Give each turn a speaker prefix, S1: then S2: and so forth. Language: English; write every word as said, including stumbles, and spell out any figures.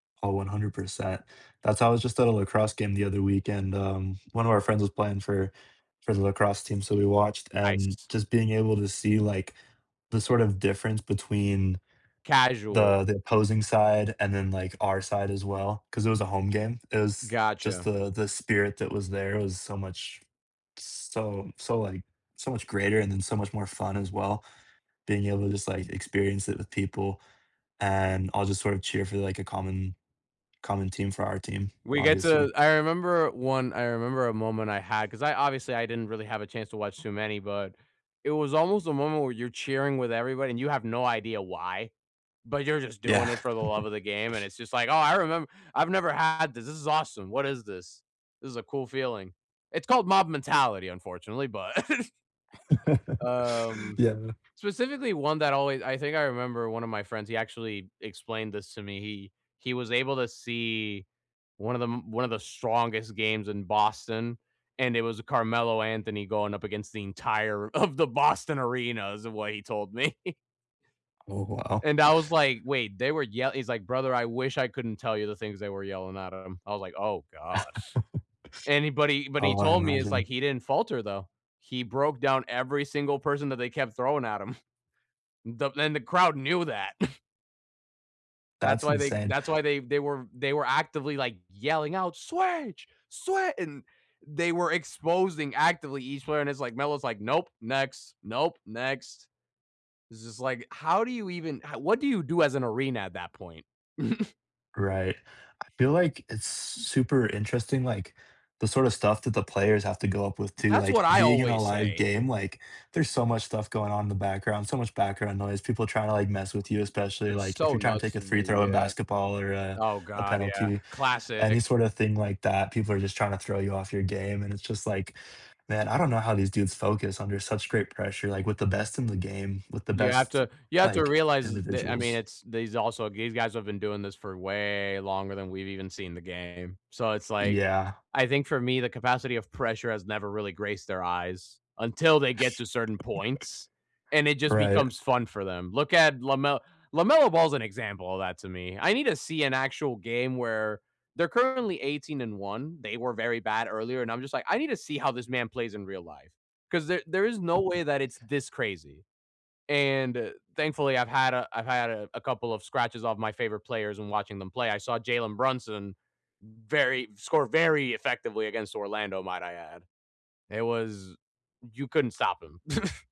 S1: Oh, one hundred percent. That's how I was just at a lacrosse game the other weekend, um, one of our friends was playing for for the lacrosse team, so we watched, and
S2: Nice.
S1: just being able to see, like, the sort of difference between
S2: Casual.
S1: the the opposing side, and then like our side as well, 'cause it was a home game. It was just
S2: Gotcha.
S1: the the spirit that was there was so much so so like so much greater and then so much more fun as well, being able to just like experience it with people, and I'll just sort of cheer for like a common common team, for our team,
S2: We get
S1: obviously.
S2: to I remember one I remember a moment I had, 'cause I obviously I didn't really have a chance to watch too many, but it was almost a moment where you're cheering with everybody, and you have no idea why, but you're just doing
S1: Yeah.
S2: it for the love of the game. And it's just like, "Oh, I remem I've never had this, this is awesome, what is this? This is a cool feeling." It's called mob mentality, unfortunately, but Um,
S1: Yeah.
S2: specifically one that always I think I remember one of my friends, he actually explained this to me. He he was able to see one of the m one of the strongest games in Boston, and it was Carmelo Anthony going up against the entire of the Boston Arena, is what he told me.
S1: Oh wow.
S2: And I was like, "Wait, they were yell" he's like, "Brother, I wish I couldn't tell you the things they were yelling at him." I was like, "Oh gosh." And he but he but he
S1: Oh, I
S2: told me it's like
S1: imagine.
S2: he didn't falter though, he broke down every single person that they kept throwing at him. The and the crowd knew that. That's
S1: That's
S2: why they
S1: insane.
S2: that's why they they were they were actively like yelling out, "Switch, swi" and they were exposing actively each player, and it's like Melo's like, "Nope, next. Nope, next." It's just like, how do you even ho what do you do as an arena at that point?
S1: Right. I feel like it's s super interesting, like, the sorta stuff that the players have to go up with too.
S2: That's
S1: Like,
S2: what I
S1: being in a
S2: always
S1: live
S2: say.
S1: game, like, there's so much stuff going on in the background, so much background noise, people trying to, like, mess with you. Especially,
S2: That's
S1: like, if
S2: so
S1: you're trying to
S2: nuts
S1: take a
S2: to me,
S1: free throw in
S2: yeah.
S1: basketball or, uh,
S2: Oh
S1: a
S2: God, yeah,
S1: penalty,
S2: classic.
S1: any sorta thing like that, people are just trying to throw you off your game. And it's just like, "Man, I don't know how these dudes focus under such great pressure, like, with the best in the game, with the
S2: You have
S1: best,
S2: to you have to
S1: like,
S2: realize tha I mean,
S1: individuals."
S2: it's these also these guys have been doing this for way longer than we've even seen the game. So it's like,
S1: Yeah.
S2: I think for me, the capacity of pressure has never really graced their eyes, until they get to certain points, and it just
S1: Right.
S2: becomes fun for them. Look at Lame LaMelo Ball is an example of that to me. I need to see an actual game where they're currently eighteen and one, they were very bad earlier, and I'm just like, "I need to see how this man plays in real life, 'cause there there is no way that it's this crazy." And thankfully I've had a I've had a a couple of scratches off my favorite players and watching them play, I saw Jalen Brunson very score very effectively against Orlando, might I add. It was you couldn't stop him.